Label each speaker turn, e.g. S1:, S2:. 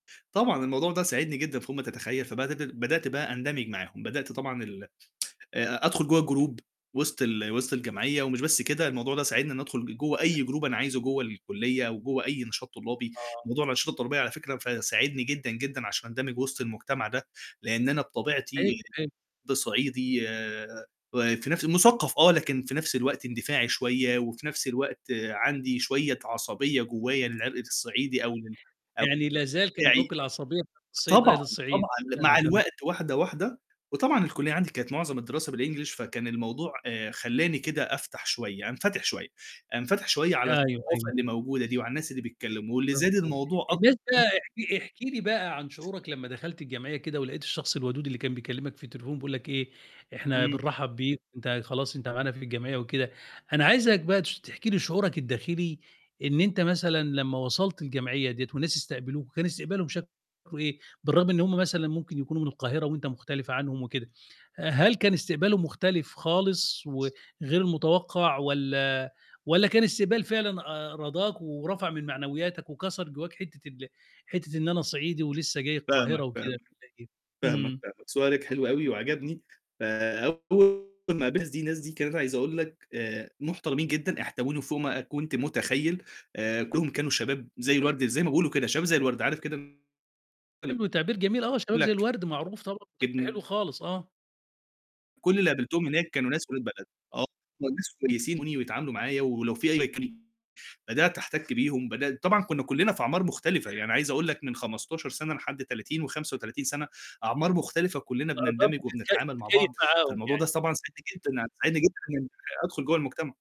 S1: طبعًا، الموضوع ده ساعدني جدًا فوق ما تتخيّل، فبد بدأت بقى أندمج معاهم، بدأت طبعًا ال آآ أدخل جوّا الgroup وسط ال وسط الجمعية، ومش بس كده، الموضوع ده ساعدني إن أدخل جوّا أي group أنا
S2: [unintelligible]
S1: عايزه جوّا الكُليّة، وجوّا أي نشاط طلّابي.
S2: آه.
S1: موضوع الأنشطة الطُّلابيّة على فكرة ف ساعدني جدًا جدًا عشان أندمج وسط المجتمع ده، لأن أنا
S2: أيوه،
S1: بطبيعتي
S2: أيوه.
S1: ب صعيدي آآ، وفي نفس الو مُثقّف آه، لكن في نفس الوقت اندفاعي شويّة، وفي نفس الوقت عندي شويّة عصبية جوّاية للعرق الصعيدي أو للع
S2: يعني لا زال كان
S1: بتاعي.
S2: جوّاك العصبيّة بتاعة عصبيّة
S1: طبعًا،
S2: أهل الصعيد.
S1: طبعًا ل
S2: تمام،
S1: مع
S2: تمام.
S1: الوقت واحدة، واحدة. وطبعًا الكُلّية عندي كانت معظم الدراسة بالenglish فكان الموضوع آآ خلّاني كده أفتح شوية أنفتِح شويّة، انفتِح شويّة على
S2: أيوه،
S1: الثقافة
S2: أيوه.
S1: اللي موجودة دي وعلى الناس اللي بيتكلّموا، واللي زاد
S2: مضبوط.
S1: الموضوع أكتر
S2: بالنسبة
S1: كمان
S2: احكِ احكِ لي بقى عن شعورك لمّا دخلت الجمعية كده، ولقيت الشخص الودود اللي كان بيكلّمك في التليفون بيقول لك إيه: "إحنا
S1: امم.
S2: بنرحب بك، أنت خلاص أنت معانا في الجمعية" وكده، أنا عايزك بقى تش تحكِ لي شعورك الداخلي إن أنت مثلًا لمّا وصلت الجمعية ديّة وناس استقبلوك، كان استقبالهم شكله إيه؟ بالرغم إن هُم مثلًا ممكن يكونوا من القاهرة وأنت مختلف عنهم وكده، أ هل كان استقباله مختلف خالص وغير متوقّع، والّا والّا كان استقبال فعلًا أ راضاك ورفع من معنوياتك وكسر جوّاك حِتّة ال حِتّة إن أنا صعيدي ولسّه جاي القاهرة
S1: فاهمك،
S2: وكده
S1: فاهماك.
S2: والّا إيه؟
S1: فاهماك،
S2: امم.
S1: فعلًا سؤالك حلو أوي وعجبني، فأول ما قابلت الناس دي، الناس دي كانت عايز أقول لك آآ، محترمين جدًا، احتووني فوق ما أ كنت متخيّل آآ، كلّهم كانوا شباب زي الورد زي ما بيقولوا كده شباب زي الورد، عارف كده؟ اللي
S2: حلو. تعبير جميل، آه،
S1: يقول
S2: شباب زي
S1: لك
S2: الورد معروف طبعًا، ده حلو
S1: ابن
S2: خالص. آه.
S1: كل اللي قابلتهم هناك كانوا ناس ولاد بلد آه، الناس كويسين ويتعاملوا معايا ولو في أي مك بدأت أحتَكّ بيهم بدأت طبعًا كنّا كلنا في أعمار مختلفة يعني أنا عايز أقول لك من 15 سنة لحد 30 و35 سنة. أعمار مختلفة كلنا
S2: آه طبعًا،
S1: بنندمج
S2: تتكي
S1: وبنتعامل مع
S2: تتكيف
S1: بعض،
S2: معاهم
S1: فالموضوع ده
S2: يعني.
S1: طبعًا ساعدني جدًا، ساعدني جدًا إنّي أدخل جوّا المجتمع.